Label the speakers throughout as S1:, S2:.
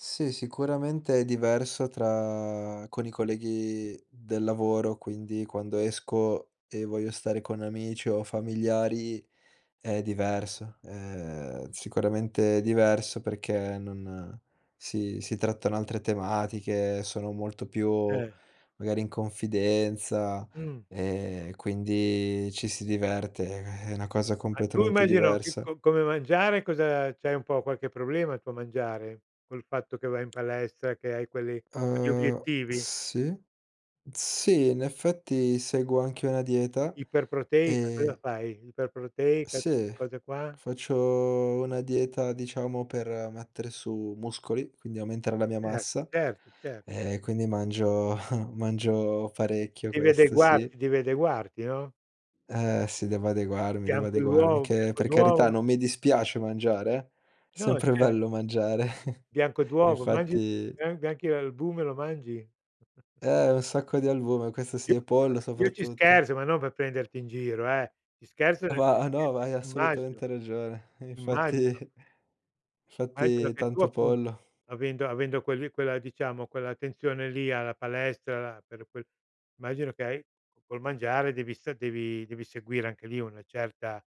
S1: Sì, sicuramente è diverso tra con i colleghi del lavoro, quindi quando esco e voglio stare con amici o familiari è diverso, ehm, sicuramente diverso perché non si si trattano altre tematiche, sono molto più
S2: Eh.
S1: magari in confidenza
S2: Mh.
S1: e quindi ci si diverte, eh, eh, è una cosa
S2: Ma tu
S1: completamente
S2: immagino ch
S1: diversa.
S2: co come mangiare, cosa c'hai un po' qualche problema tu a mangiare? Col fatto che vai in palestra che hai quelli quegli
S1: Uhm,
S2: obiettivi.
S1: sì, sì in effetti seguo anche una dieta
S2: Iperproteica, cosa
S1: ehm
S2: fai? Iperproteica, queste
S1: Sì.
S2: cose qua?
S1: Faccio una dieta diciamo per mettere su muscoli, quindi aumentare la mia
S2: Eh,
S1: massa
S2: certo, cer
S1: e quindi mangio mangio parecchio
S2: Devi
S1: questo sì.
S2: adeguarti devi adeguarti, no?
S1: Ehm, sì, devo adeguarmi, devo
S2: Bianco
S1: adeguarmi,
S2: d'uovo
S1: che
S2: bianco
S1: per
S2: d'uovo.
S1: carità non mi
S2: Eh.
S1: dispiace mangiare, eh, è
S2: No,
S1: sempre
S2: cer
S1: bello mangiare.
S2: Bianco d'uovo, mangi
S1: Infatti
S2: an anche l'albume lo mangi?
S1: Eh, un sacco di albume, questo
S2: Io
S1: sì, e
S2: [unintelligible]
S1: pollo
S2: io ci
S1: soprattutto.
S2: scherzo, ma non per prenderti in giro eh, ci scherzo nel
S1: Va
S2: senso che
S1: no, vai
S2: immagino,
S1: assolutamente ragione. Infatti
S2: immagino. Anche
S1: infatti
S2: perché tu
S1: tanto
S2: appunto
S1: pollo.
S2: avendo avendo quelli quella diciamo, quell'attenzione lì alla palestra, alla per quel immagino che hai col mangiare devi sta devi devi seguire anche lì una certa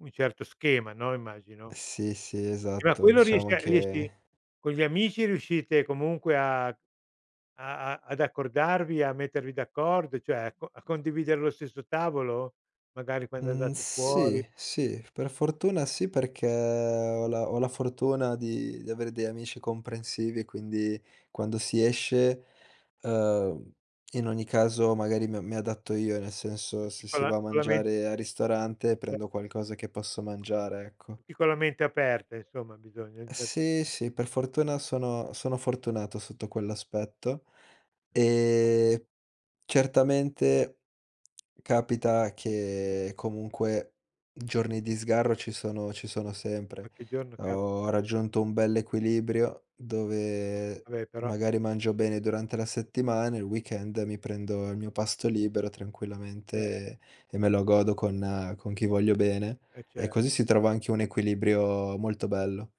S2: un certo schema, no, immagino.
S1: Sì, sì,
S2: Eh, ma
S1: esatto.
S2: quello
S1: Diciamo
S2: riesce a riesci
S1: che
S2: con gli amici riuscite comunque a a a ad accordarvi, a mettervi d'accordo, cioè, a co a condividere lo stesso tavolo? Magari quando
S1: Mhmm,
S2: andate fuori?
S1: sì, sì. Per fortuna sì, perché ho la ho la fortuna di di avere degli amici comprensivi, quindi quando si esce, uhm, in ogni caso magari mi mi adatto io, nel senso
S2: Tutti
S1: se
S2: con
S1: si
S2: la
S1: va a
S2: con la men
S1: mangiare al ristorante
S2: Eh.
S1: prendo qualcosa che posso mangiare, ecco.
S2: Tutti con la mente aperta insomma, bisogna
S1: Sì,
S2: [unintelligible]
S1: sì, per fortuna sono sono fortunato sotto quell'aspetto. Ehm, certamente capita che comunque giorni di sgarro ci sono ci sono sempre.
S2: Qualche giorno ca
S1: Ho raggiunto un bell'equilibrio dove
S2: Vabbè, però
S1: magari mangio bene durante la settimana, il weekend mi prendo il mio pasto libero tranquillamente
S2: Eh.
S1: e e me lo godo con con chi voglio bene
S2: Eh,
S1: e
S2: cer
S1: così si trova anche un equilibrio molto bello.